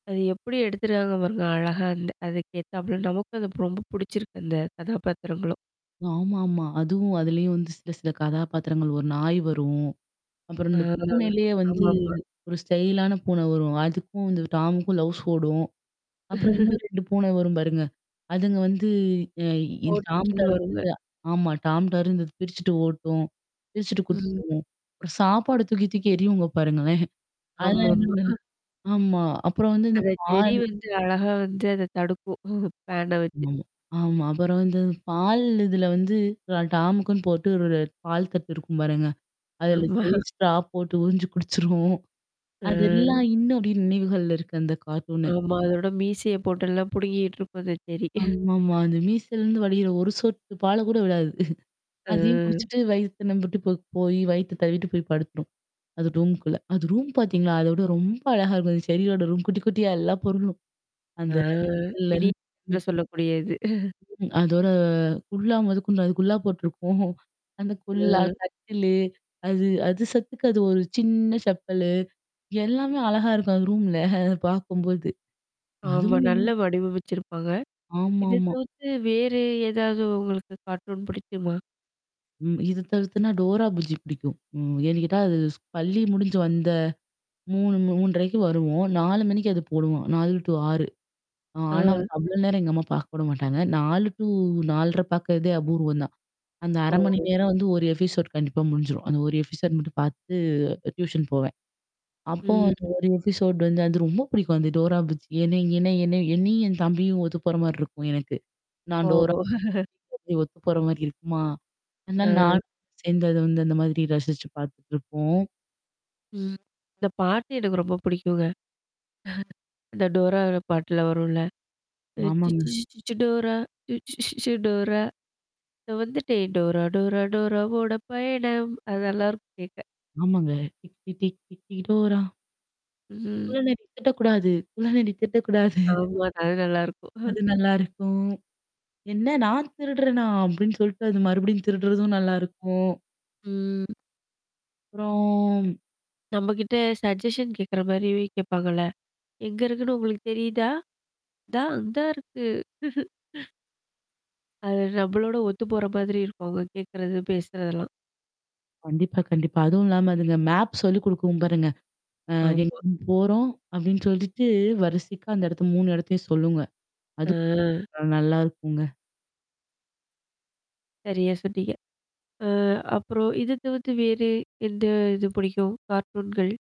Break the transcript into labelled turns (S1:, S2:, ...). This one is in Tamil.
S1: அது எப்படி எடுத்துருக்காங்க பாருங்க. அழகா அந்த அதுகேத்தாப்ல நமக்கும் அந்த ரொம்ப புடிச்சிருக்கு அந்த கதாபாத்திரங்களும்.
S2: ஆமா ஆமா. அதுவும் அதுலயும் வந்து சில சில கதாபாத்திரங்கள் ஒரு நாய் வரும். அப்புறம்
S1: ஆ.
S2: இந்த பூனையிலேயே வந்து
S1: ஆமாமா.
S2: ஒரு ஸ்டைலான பூன வரும். அதுக்கும் இந்த டாமுக்கும் ளவுஸ் ஓடும். அப்புறம் இன்னும் 2 பூன வரும் பாருங்க. அதுங்க வந்து அ
S1: போட்டிக்குன்னு
S2: டாம்டர்ந்து
S1: வருங்க.
S2: ஆமா. டாம்டர்ந்து பிரிச்சுட்டு ஓட்டும். பிரிச்சுட்டு கூட்டு
S1: ம்.
S2: போவும். ஒரு சாப்பாடு தூக்கி தூக்கி எரியுங்க பாருங்களேன். அதுலா
S1: ஆமாமா.
S2: [unintelligible]
S1: ஆ.
S2: ஆமா. அப்புறம் வந்து இந்த
S1: அத செர்ரி
S2: பால்
S1: வந்து அழகா வந்து அத தடுக்கும். பேண வச்சு.
S2: ஆமாமா. ஆமா. அப்புறம் வந்து பால் இதுல வந்து டாம்க்குன்னு போட்டு ஒரு பால் தட்டு இருக்கும் பாருங்க. அதுல
S1: ஆமா.
S2: [unintelligible] ஸ்ட்ரா போட்டு உரிஞ்சு குடிச்சுரும்.
S1: ஆ.
S2: அதெல்லாம் இன்னும்பும் நினைவுகள்ல இருக்கு அந்த கார்ட்டூனு.
S1: ஆமா. அதோட மீசைய போட்டெல்லாம் புடுங்கிட்டு இருக்கும் செர்ரி.
S2: ஆமா ஆமா. அந்த மீசல்லருந்து வடிகிற ஒரு சொட்டு பால் கூட விடாது. அதையும்
S1: ம்.
S2: குடிச்சுட்டு வயித்த நம்புட்டு போ போய் வயித்த தவிட்டு போய் படுத்துரும். அது ரூம்க்குள்ள. அது ரூம் பாத்தீங்களா? அத விட ரொம்ப அழகா இருக்கும் செர்ரியோட ரூம் குட்டி குட்டியா எல்லா பொருளும்.
S1: ஆ
S2: அந்த [unintelligible] இல்ல
S1: மினி
S2: ம்.
S1: சொல்லக்கூடியது.
S2: ம். அதோட குல்லா மொத கொண்டு அது குல்லா போட்டுருக்கும். அந்த குல்லா
S1: ம்.
S2: கட்டிலு, அது அது சத்துக்கு அது ஒரு சின்ன செப்பலு. எல்லாமே அழகா இருக்கும் அது ரூம்ல. அத பாக்கும்போது.
S1: ஆமா.
S2: அதுவும்.
S1: நல்ல வடிவமச்சிருப்பாங்க.
S2: ஆமா
S1: இத
S2: ஆமா.
S1: தவிர்த்து வேறு ஏதாவது உங்களுக்கு கார்ட்டூன் புடிக்குமா?
S2: ம். இது தவிர்த்துன்னா டோரா புஜி புடிக்கும். ம். ஏன்னு கேட்டா அது பள்ளி முடிஞ்சு வந்த 3:00, 3:30க்கு வருவோம். 4:00 மணிக்கு அது போடுவான். 4 டூ 6. ஆ ஆனா
S1: ஆ.
S2: வந்து அவ்வளோ நேரம் எங்க அம்மா பாக்க விட மாட்டாங்க. 4 டூ 4:30 பார்க்கறதே அபூர்வம் தான். அந்த 1/2 மணி
S1: ஓ!
S2: நேரம் வந்து ஒரு எபிசோட் கண்டிப்பா முடிஞ்சிரும். அந்த ஒரு எபிசோட் மட்டும் பார்த்துட்டு டியூஷன் போவேன். அப்போ
S1: ம்.
S2: அந்த ஒரு எபிசோட் வந்து அது ரொம்ப புடிக்கும் அந்த டோரா புஜ்ஜி என்ன என்ன என்ன என்னையும் என் தம்பியும் ஒத்து போற மாரி இருக்கும் எனக்கு. நான்
S1: ஓ!
S2: டோரா. ஒத்து போற மாரி இருக்குமா? அதுனால
S1: ஆ.
S2: நானும் சேர்ந்து அத வந்து அந்த மாதிரி ரசிச்சு பார்த்துட்டுருப்போம்.
S1: அந்த பாட்டு எனக்கு ரொம்ப பிடிக்குங்க. அந்த டோரா பாட்டுல வரும்ல. சிச்சீ
S2: ஆமாங்க.
S1: சீச்சீச்சி டோரா! சீச்சீ சீச்சீ சு டோரா! இத வந்துட்டு டோரா டோரா டோராவோட பயணம். அத நல்லாருக்கும் கேக்க.
S2: ஆமாங்க. டிட்டி டிட்டி டோரா.
S1: ம்.
S2: குள்ள நறி திருடக்கூடாது. குள்ள நறி திருடகூடாது.
S1: ஆமா அது நல்லாருக்கும்.
S2: அது நல்லாயிருக்கும். என்ன நான் திருடுறேனா? அப்படின்னு சொல்லிட்டு அது மறுபடியும் திருடுறதும் நல்லாயிருக்கும்.
S1: ம்.
S2: அப்புறம்
S1: நம்மகிட்ட சஜஷன் கேட்கற மாரி கேப்பாங்கள்ள. எங்க இருக்குன்னு உங்களுக்கு தெரியுதா? தா அந்தா இருக்கு. அது நம்ம்பளோட ஒத்து போற மாதிரி இருக்கும் அவங்க கேட்கறது, பேசுறதெல்லாம்.
S2: கண்டிப்பா, கண்டிப்பா. அதுவும் இல்லாம அதுங்க மேப் சொல்லி குடுக்கும் பாருங்க. அ எங்க
S1: ஆமா.
S2: நம்ம போறோம் அப்டின்னு சொல்லிட்டு வரிசைக்கா அந்த இடத்த 3 இடத்தையும் சொல்லுங்க. அது
S1: அ.
S2: அ நல்லாருக்குங்க.
S1: சரியா சொன்னிங்க. அ அப்புறம் இத தவிர்த்து வேறு எந்த இது புடிக்கும்? கார்டரூன்கள்?